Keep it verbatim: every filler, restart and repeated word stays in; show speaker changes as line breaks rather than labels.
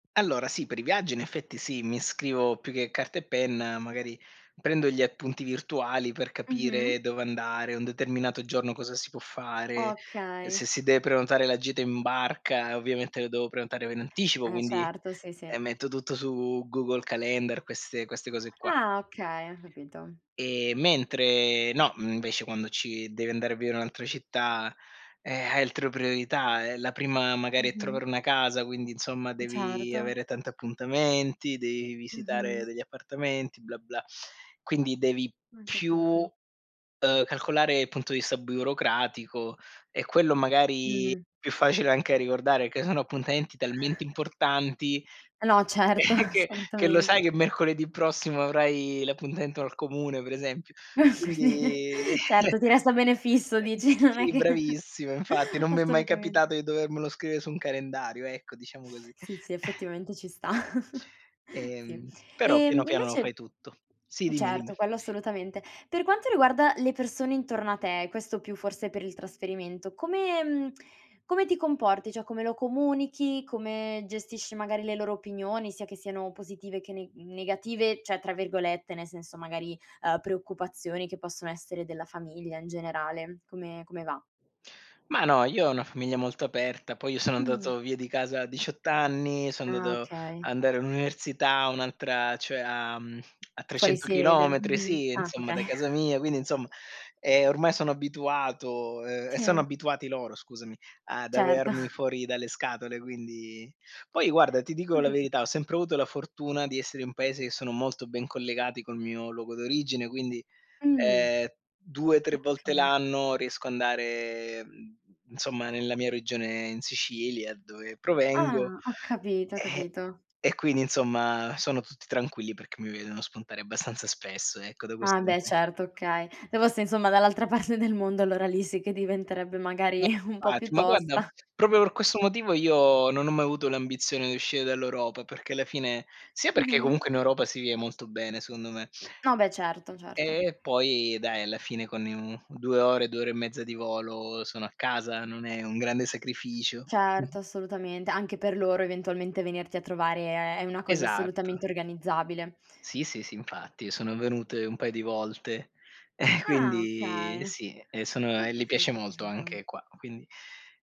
Allora sì, per i viaggi in effetti sì, mi scrivo più che carta e penna, magari prendo gli appunti virtuali per capire
Mh-mh.
dove andare un determinato giorno, cosa si può fare,
Okay.
se si deve prenotare la gita in barca, ovviamente, lo devo prenotare in anticipo,
Eh
quindi
certo, sì, sì.
metto tutto su Google Calender, queste queste cose qua.
Ah okay, capito.
Ehm, mentre, no, invece, quando ci devi andare a vivere un'altra città, eh, hai altre priorità, è la prima magari
Mh-mh.
trovare una casa, quindi insomma devi
Certo.
avere tanti appuntamenti, devi visitare
Mh-mh.
degli appartamenti, "bla-bla". Quindi devi
Ho
più,
capito.
uhm, calcolare il punto di vista burocratico e quello magari
Mh.
più facile anche da ricordare, che sono appuntamenti talmente importanti
No, certo,
che che lo
assolutamente.
sai che mercoledì prossimo avrai l'appuntamento al comune pre esempio quindi
Certo, ti resta un bene
eh-eh,
fisso
[unintelligible]
dici, non è
sì,
che
bravissima infatti, non mi è mai
assolutamente.
capitato di dovermelo scrivere su un calendario ecco, diciamo così.
Sì, sì, effettivamente ci sta. Sì.
Ehm, però piano
Ehm,
piano lo fai
invece
tutto. Sì dimmi, dimmi.
Certo quello, assolutamente. Per quanto riguarda le persone intorno a te, questo più forse per il trasferimento, come come ti comporti, cioè come lo comunichi, come gestisci magari le loro opinioni sia che siano positive che ne negative ceh, tra virgolette, nel senso, magari, uhm, "preoccupazioni" che possono essere della famiglia in generale. Come come va?
Ma no, io ho una famiglia molto aperta, poi io sono
Mh.
andato via di casa a diciott anni, sono
Ah,
andato
okay.
andare all'università, un'altra, cioè a
Fuori
trecento
sede.
chilometri
Mh-mh.
sì,
Ah,
insomma,
okay.
da casa mia, quindi, insomma, eh, ormai sono abituato e sono
Sì.
abituati loro, scusami, ad
Certo.
avermi fuori dalle scatole, quindi poi guarda ti dico
Ho
la
capi
verità, ho sempre avuto la fortuna di essere in paesi che sono molto ben collegati col mio luogo d'origine, quindi
Mhmm,
ehm due tre volte
okay.
l'anno riesco andare, insomma, nella mia regione in Sicilia, dove provengo,
Ah, ho capito, ho
eh,
capito.
e quindi, insomma, sono tutti tranquilli perché mi vedono spuntare abbastanza spesso ecco da
Ah,
questo
beh,
[unintelligible]
certo, okay. Se fossi, insomma, dall'altra parte del mondo, allora lì sì che diventerebbe magari
[unintelligible]
un po' più
Ma guarda
tosta.
proprio per questo motivo io non ho mai avuto l'ambizione di uscire dall'Europa, perché alla fine sia perché
Mh-mh.
comunque in Europa si vive molto bene secondo me.
No, beh, certo,
E
certo.
e poi dai alla fine con due ore, due ore e mezza di volo sono a casa, non è un grande sacrificio.
Certo,
Mh-mh.
assolutamente. Anche per loro eventualmente venirti a trovare è è una cosa
Esatto.
assolutamente organizzabile.
Sì, sì, sì infatti sono venute un paio di volte,
Ah,
quindi
okay,
sì, sono
ho
e le piace
capito,
molto
capito.
anche qua, quindi